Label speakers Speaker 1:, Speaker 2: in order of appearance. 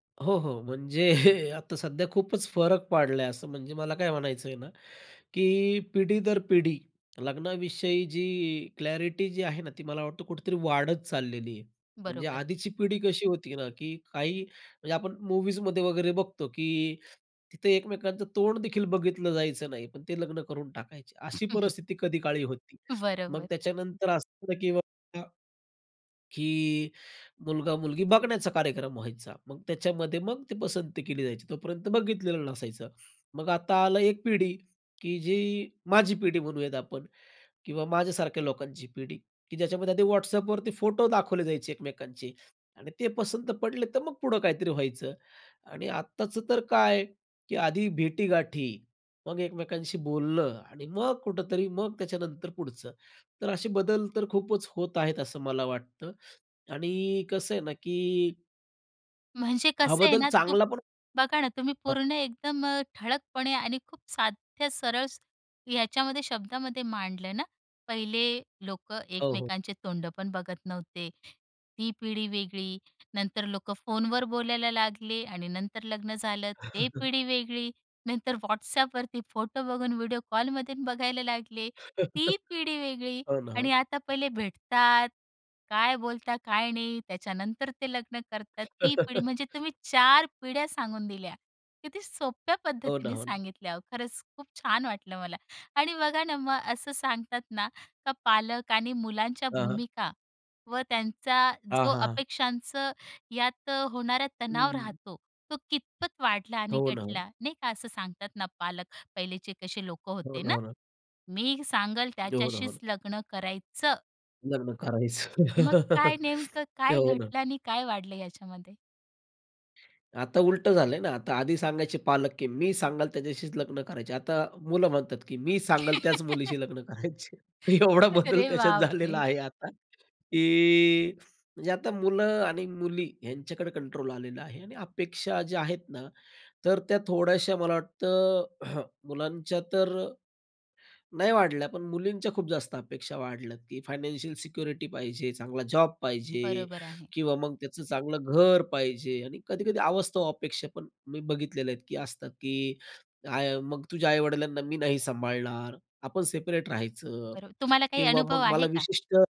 Speaker 1: हो, हो. म्हणजे आता सध्या खूपच फरक पडलाय असं. म्हणजे मला काय म्हणायचं आहे ना, की पिढी दर पिढी लग्नाविषयी जी क्लॅरिटी जी आहे ना, ती मला वाटतं कुठेतरी वाढत चाललेली आहे. म्हणजे
Speaker 2: बरोबर.
Speaker 1: आधीची पिढी कशी होती ना, की काही म्हणजे आपण मूव्हीजमध्ये वगैरे बघतो की, तिथे एकमेकांचं तोंड देखील बघितलं जायचं नाही. पण ते लग्न करून टाकायचे. अशी
Speaker 2: [unintelligible]
Speaker 1: परिस्थिती कधी काळी होती. मग
Speaker 2: बरोबर.
Speaker 1: त्याच्यानंतर असं होतं, की बाबा, की मुलगा-मुलगी बघण्याचा कार्यक्रम व्हायचा. मग त्याच्यामध्ये मग ती पसंती केली जायची. तोपर्यंत बघितलेलं नसायचं. मग आता आला एक पिढी, की जी, माझी पिढी म्हणूयात आपण किंवा माझ्यासारख्या लोकांची पिढी, की ज्याच्यामध्ये Whatsappवरती फोटो दाखवले जायचे एकमेकांचे आणि ते पसंत पडले तर मग पुढे काहीतरी व्हायचं. आणि आत्ताचं तर काय, की आधी भेटी-गाठी मग एकमेकांशी बोलणं आणि मग कुठेतरी, मग त्याच्यानंतर पुढचं. तर असे बदल तर खूपच होत आहेत असं मला वाटतं आणि कसं आहे ना, की
Speaker 2: म्हणजे
Speaker 1: हा,
Speaker 2: कसं आहे
Speaker 1: बदल
Speaker 2: ना? तू
Speaker 1: चांगला. पण
Speaker 2: बघा ना तुम्ही.
Speaker 1: अ.
Speaker 2: पूर्ण एकदम अ, ठळकपणे आणि खूप साध्या, सरळ ह्याच्यामध्ये शब्दामध्ये मांडलं ना. पहिले लोक
Speaker 1: हो, हो.
Speaker 2: एकमेकांचे तोंड पण बघत नव्हते, ती पिढी वेगळी. नंतर लोकं फोनवर बोलायला लागले आणि नंतर लग्न झालं ते पिढी वेगळी. नंतर Whatsappवरती फोटो बघून व्हिडिओ कॉलमधून बघायला लागले ती पिढी वेगळी.
Speaker 1: हो ना. हो.
Speaker 2: आणि आता पहिले भेटतात, काय बोलतात? काय नाही? त्याच्यानंतर ते लग्न करतात ती पिढी. म्हणजे तुम्ही 4 पिढ्या सांगून दिल्या. किती सोप्या
Speaker 1: हो ना.
Speaker 2: पद्धतीने
Speaker 1: हो ना.
Speaker 2: सांगितल्या ओ. खरंच खूप छान वाटलं मला आणि बघा ना, मग असं सांगतात ना, का पालक आणि मुलांच्या
Speaker 1: हां, हां.
Speaker 2: भूमिका व त्यांचा
Speaker 1: हां,
Speaker 2: जो
Speaker 1: हां, हां.
Speaker 2: अपेक्षांचं यात अ, होणारा तणाव
Speaker 1: हं.
Speaker 2: राहतो तो कितपत वाढला आणि
Speaker 1: हो ना. हो.
Speaker 2: घटला नाही का? असं सांगतात ना पालक पहिलेचे कसे लोक
Speaker 1: हो
Speaker 2: होते
Speaker 1: ना.
Speaker 2: ना,
Speaker 1: हो ना.
Speaker 2: "मी सांगेल
Speaker 1: हो ना. हो
Speaker 2: त्याच्याशीच
Speaker 1: ना.
Speaker 2: लग्न करायचं."
Speaker 1: लग्न करायचं.
Speaker 2: मग काय नेमकं काय
Speaker 1: हो ना.
Speaker 2: घटलं आणि काय वाढलं याच्यामध्ये?
Speaker 1: आता उलटं झालंय ना. आता आधी सांगायचे पालक, की मी सांगल त्याच्याशीच लग्न करायचे, आता मुलं म्हणतात, की मी सांगल त्याच मुलीशी लग्न करायचे. एवढा बदल
Speaker 2: अरे
Speaker 1: त्याच्यात
Speaker 2: बाप
Speaker 1: झालेला
Speaker 2: रे!
Speaker 1: आहे आता, की म्हणजे आता मुलं आणि मुली यांच्याकडे कंट्रोल आलेला आहे. आणि अपेक्षा ज्या आहेत ना तर त्या थोड्याश्या मला वाटतं अ, मुलांच्या तर, नाही वाढल्या पण मुलींच्या खूप जास्त अपेक्षा वाढल्यात, की फायनान्शियल सिक्युरिटी पाहिजे, चांगला जॉब पाहिजे
Speaker 2: बरोबर आहे.
Speaker 1: किंवा मग त्याचं चांगलं घर पाहिजे, आणि कधी-कधी अवास्तव अपेक्षा पण मी बघितलेले आहेत, की असतात, की मग तुझ्या आई-वडिलांना मी नाही सांभाळणार आपण सेपरेट राहायचं
Speaker 2: बरं. तुम्हाला काही
Speaker 1: किंवा
Speaker 2: अनुभव
Speaker 1: मग
Speaker 2: आहे
Speaker 1: मला
Speaker 2: का?
Speaker 1: विशिष्ट